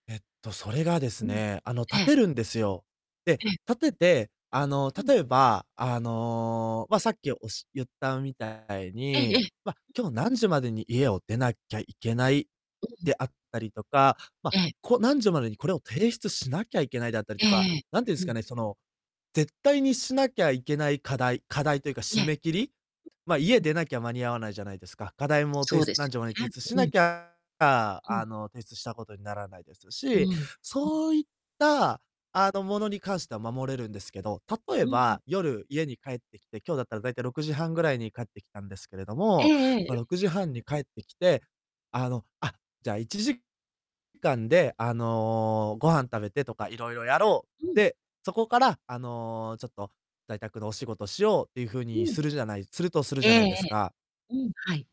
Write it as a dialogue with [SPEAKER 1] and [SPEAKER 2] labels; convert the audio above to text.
[SPEAKER 1] えっと、それがです
[SPEAKER 2] うん。
[SPEAKER 1] ね、あの、
[SPEAKER 2] え
[SPEAKER 1] 立
[SPEAKER 2] え。
[SPEAKER 1] てるんですよ。で、
[SPEAKER 2] ええ。
[SPEAKER 1] 立てて、あの、
[SPEAKER 2] うん。
[SPEAKER 1] 例えば、あの、ま、さっきおし言ったみたい
[SPEAKER 2] えええ
[SPEAKER 1] に、
[SPEAKER 2] え。
[SPEAKER 1] ま、今日何時までに家を出なきゃいけない
[SPEAKER 2] うん。
[SPEAKER 1] であったりとか、ま、
[SPEAKER 2] ええ。
[SPEAKER 1] こう何時までにこれを提出しなきゃいけないだったり
[SPEAKER 2] え
[SPEAKER 1] とか、
[SPEAKER 2] えええ。
[SPEAKER 1] なんていうん
[SPEAKER 2] う
[SPEAKER 1] すか
[SPEAKER 2] ん。
[SPEAKER 1] ね、その、絶対にしなきゃいけない課題課題というか、
[SPEAKER 2] え
[SPEAKER 1] 締
[SPEAKER 2] え。
[SPEAKER 1] め切り。ま、家
[SPEAKER 2] ううん。
[SPEAKER 1] 出なきゃ間に合わないじゃないですか。課題も
[SPEAKER 2] そ
[SPEAKER 1] 提
[SPEAKER 2] う
[SPEAKER 1] 出
[SPEAKER 2] で
[SPEAKER 1] 何
[SPEAKER 2] す
[SPEAKER 1] 時までに
[SPEAKER 2] よ
[SPEAKER 1] 提
[SPEAKER 2] ね。
[SPEAKER 1] 出し
[SPEAKER 2] う
[SPEAKER 1] な
[SPEAKER 2] ん。
[SPEAKER 1] きゃ、あ
[SPEAKER 2] う
[SPEAKER 1] あ、
[SPEAKER 2] ん。
[SPEAKER 1] あの、提出したことにならないです
[SPEAKER 2] うん。
[SPEAKER 1] し、
[SPEAKER 2] うん。
[SPEAKER 1] そういった、あの、ものに関しては守れるんですけど、例
[SPEAKER 2] う
[SPEAKER 1] え
[SPEAKER 2] ん。
[SPEAKER 1] ば、夜、家に帰ってきて、今日だったら大体6時半ぐらいに帰ってきたんですけれど
[SPEAKER 2] え
[SPEAKER 1] も、
[SPEAKER 2] ええ
[SPEAKER 1] ま、
[SPEAKER 2] え。
[SPEAKER 1] 6時半に帰ってきて、あの、あ、じゃあ、1時間で、あの、ご飯食べてとか、いろいろやろう。
[SPEAKER 2] うん。
[SPEAKER 1] で、そこから、あの、ちょっと在宅のお仕事しようっていうふう
[SPEAKER 2] う
[SPEAKER 1] に
[SPEAKER 2] ん。
[SPEAKER 1] するじゃないするとする
[SPEAKER 2] え
[SPEAKER 1] じゃ
[SPEAKER 2] え
[SPEAKER 1] ない
[SPEAKER 2] え
[SPEAKER 1] ですか。
[SPEAKER 2] え、うん、はい。